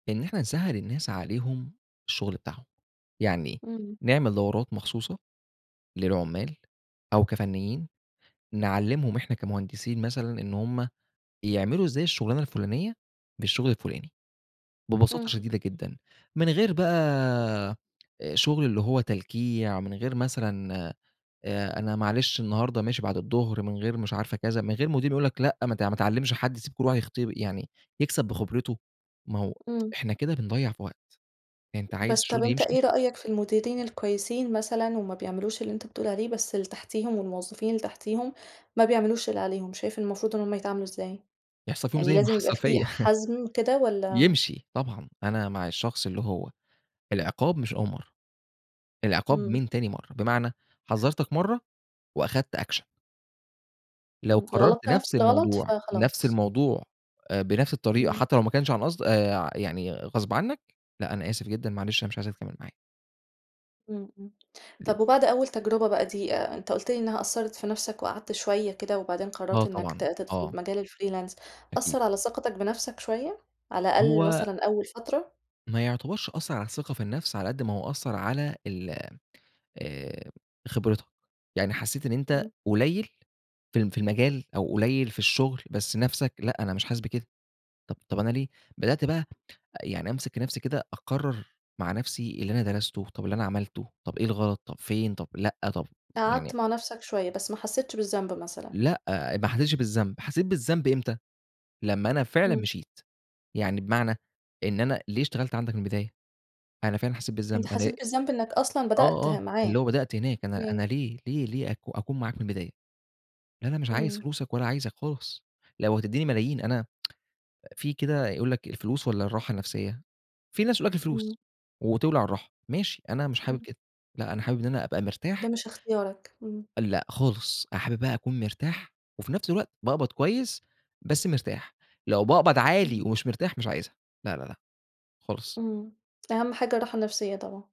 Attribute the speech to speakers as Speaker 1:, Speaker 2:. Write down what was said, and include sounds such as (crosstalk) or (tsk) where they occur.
Speaker 1: إن إحنا نسهّل الناس عليهم الشغل بتاعهم، يعني
Speaker 2: إمم.
Speaker 1: نعمل دورات مخصوصة للعُمّال أو كفنيين نعلّمهم إحنا كمهندسين مثلًا إن هُم يعملوا إزاي الشُغلانة الفُلانية بالشغل الفُلاني، ببساطة
Speaker 2: إمم.
Speaker 1: شديدة جدًا، من غير بقى آآ، شُغل اللي هو تلكيع من غير مثلًا آآ، أنا معلش النهارده ماشي بعد الضُّهر من غير مش عارفة كذا، من غير مدير يقول لك لأ، ما ت ما تعلّمش حد، سيب كل واحد يخت يعني يكسَب بخِبرته، ما هو
Speaker 2: إمم.
Speaker 1: (tsk) إحنا كده بنضيّع في وقت، أنت عايز
Speaker 2: بس، طَب
Speaker 1: الشغل
Speaker 2: أنت
Speaker 1: يمشي؟
Speaker 2: إيه رأيك في المديرين الكويسين مثلًا، وما بيعملوش اللي أنت بتقول عليه بس اللي تحتيهم، والموظفين اللي تحتيهم ما بيعملوش اللي عليهم، شايف إن المفروض إن هُم يتعاملوا إزاي؟
Speaker 1: يحصَل فيهم
Speaker 2: يعني
Speaker 1: زي ما
Speaker 2: لازم يبقى
Speaker 1: حصَل فيَّ
Speaker 2: في حَزم كده
Speaker 1: (laughs)
Speaker 2: والّا؟
Speaker 1: يمشي طبعًا، أنا مع الشخص اللي هو العقاب مش أول مرَّة، العقاب
Speaker 2: إمم.
Speaker 1: من تاني مرَّة، بمعنى، حذّرتك مرَّة وأخدْت أكشن. لو
Speaker 2: إمم،
Speaker 1: كرّرت
Speaker 2: غلطت نفس
Speaker 1: نفْس
Speaker 2: الغلط
Speaker 1: الموضوع، نفْس
Speaker 2: فخلاص.
Speaker 1: الموضوع آآ، بنفْس الطريقة
Speaker 2: إمم.
Speaker 1: حتى لو ما كانش عن قصد آآ، ع يعني غصْب عنّك لأ، أنا آسف جدًا، معلش، أنا مش عايزك تكمّل معايا.
Speaker 2: إمم، إمم،
Speaker 1: ليه؟
Speaker 2: طَب وبعد أول تجربة بقى دي آآ، أنت قُلت لي إنها أثّرت في نفْسك وقعَدت شوية كده وبعدين قررت
Speaker 1: آه
Speaker 2: إنّك
Speaker 1: طبعًا.
Speaker 2: ت تدخل
Speaker 1: آه.
Speaker 2: مجال الfreelance
Speaker 1: أكيد.
Speaker 2: أثّر على ثقتك بنفْسك شوية على الأقل
Speaker 1: هو
Speaker 2: مثلًا أول فترة؟
Speaker 1: ما يُعتبرش أثّر على الثقة في النفس على قد ما هو أثّر على ال آآ خبرتك، يعني حسّيت إن أنت
Speaker 2: إمم.
Speaker 1: قليّل في الم في المجال أو قليّل في الشغل بس نفْسك لأ، أنا مش حاسس بكده، طب طب أنا ليه بدأت بقى أ يعني أمسك نفْسي كده، أكرّر مع نفسي اللي أنا درَسته، طَب اللي أنا عملته، طَب إيه الغلط، طَب فين، طَب لأ، طَب يعني
Speaker 2: قعَدت مع نفْسك شوية، بس ما حسّيتش بالذنب مثلًا؟
Speaker 1: لأ، أ ما حسّتش بالذنب، حسّيت بالذنب إمتى، لمّا أنا فعلًا
Speaker 2: إمم.
Speaker 1: مشيت، يعني بمعنى، إن أنا ليه اشتغلت عَندك من البداية، أنا فعلًا حسّيت
Speaker 2: أنت
Speaker 1: بالذنب، أنا
Speaker 2: حسّيت بالذنب إنك أصلًا بدأت
Speaker 1: آه، آه،
Speaker 2: ه معاه.
Speaker 1: اللي هو بدأت هناك أنا أنا
Speaker 2: إمم.
Speaker 1: ليه ليه ليه أكو أكون معاك من البداية؟ أنا مش عايز
Speaker 2: إمم.
Speaker 1: فلوسك ولا عايزك خالص لو هتدّيني ملايين، أنا (tsk) في كده يقول لك الفلوس والّا الراحة النفسية، في ناس يقول لك
Speaker 2: إمم.
Speaker 1: الفلوس وتولَع الراحة، ماشي أنا مش حابب
Speaker 2: إمم.
Speaker 1: كده لأ أنا حابب إن أنا أبقى مرتاح
Speaker 2: ده مش إختيارك. امم.
Speaker 1: أ لأ خالص أنا حابب بقى اكون مرتاح وفي نفس الوقت باقبض كويس بس مرتاح، لو باقبض عالي
Speaker 2: إمم.
Speaker 1: ومش مرتاح مش عايزها. لأ، لأ، لأ، خالص.
Speaker 2: امم، أهَم حاجة الراحة النفسيّة طبعًا.